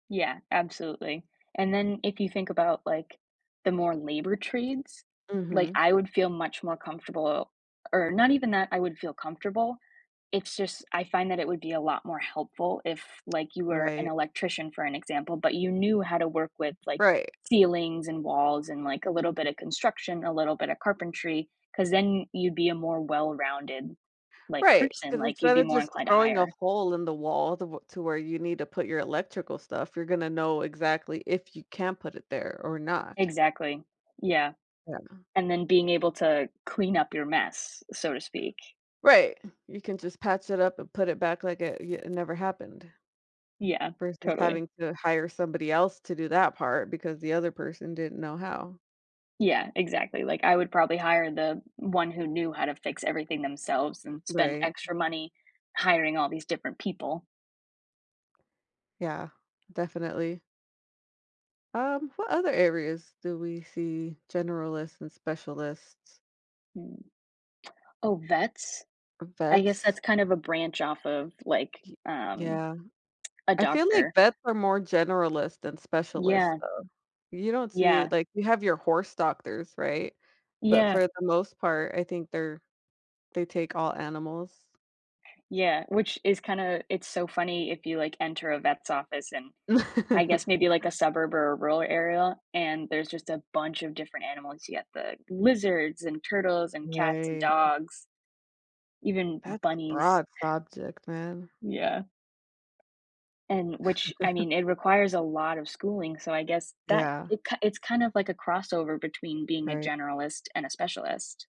Yeah, absolutely. And then if you think about, like, the more labor trades, like, Mhm. I would feel much more comfortable or not even that I would feel comfortable, it's just I find that it would be a lot more helpful if, like, you were an Right. electrician for an example, but you knew how to work with, like, Right. ceilings and walls and, like, a little bit of construction, a little bit of carpentry, 'cause then y you'd be a more well-rounded, like, Right, person, 'cause like, you'd instead be of more just inclined to throwing a hire. hole in the wall the wh to where you need to put your electrical stuff, you're gonna know exactly if you can put it there or not. Exactly, yeah. Yeah. And then being able to clean up your mess, so to speak. Right. You can just patch it up and put it back like it y it never happened Yeah, versus totally. having to hire somebody else to do that part because the other person didn't know how. Yeah, exactly, like, I would probably hire the one who knew how to fix everything themselves than spend Right. extra money hiring all these different people. Yeah, definitely. Um, what other areas do we see generalists and specialists? Hmm. Oh, vets? Um, I guess vets? that's kind of a branch off of, like, Y um, yeah. a I feel like doctor. vets are more generalist than specialist Yeah. though. You don't see Yeah. it like, you have your horse doctors, right? But Yeah. for the most part, I think they're they take all animals. Yeah, which is kinda it's so funny if you, like, enter a vet's office in I guess maybe, like, a suburb or a rural area, and there's just a bunch of different animals, you get the lizards and turtles and cats and Right. dogs, even That's a bunnies. broad subject, man. Yeah. And which, I mean, it requires a lot of schooling, so I guess that Yeah. it ki it's kind of like a crossover between being a Right. generalist and a specialist.